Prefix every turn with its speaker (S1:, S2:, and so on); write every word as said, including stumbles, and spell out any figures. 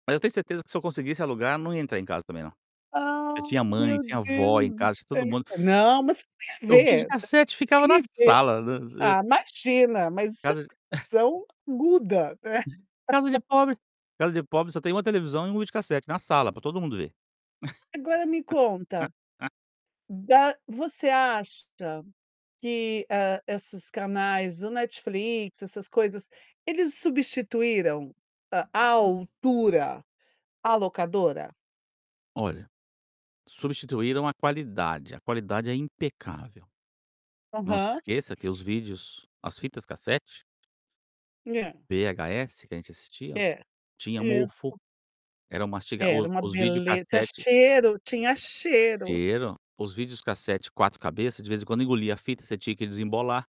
S1: Mas eu tenho certeza que, se eu conseguisse alugar, não ia entrar em casa, também, não. Já
S2: Ah,
S1: tinha mãe,
S2: meu
S1: tinha
S2: Deus
S1: avó em
S2: do
S1: casa,
S2: céu!
S1: todo mundo
S2: Não, mas o que tem a
S1: e o
S2: ver,
S1: videocassete ficava na
S2: incriv
S1: sala.
S2: ah, imagina mas isso é
S1: Casa de
S2: visão aguda, né?
S1: Casa de pobre casa de pobre só tem uma televisão e um videocassete na sala, pra todo mundo ver.
S2: Agora, me conta, da você acha que, hã, esses canais, o Netflix, essas coisas, eles substituíram à altura a locadora?
S1: Olha, substituíram a qualidade, a qualidade é impecável. Não se
S2: Aham.
S1: esqueça que os vídeos, as fitas cassete
S2: Hã.
S1: o VHS que a gente assistia
S2: É,
S1: tinha mofo,
S2: isso.
S1: era um masti
S2: Era
S1: o
S2: uma
S1: os
S2: bele tinha
S1: videocassetes
S2: cheiro tinha cheiro.
S1: cheiro, os videocassetes quatro cabeças de vez em quando engoliam a fita, você tinha que desembolar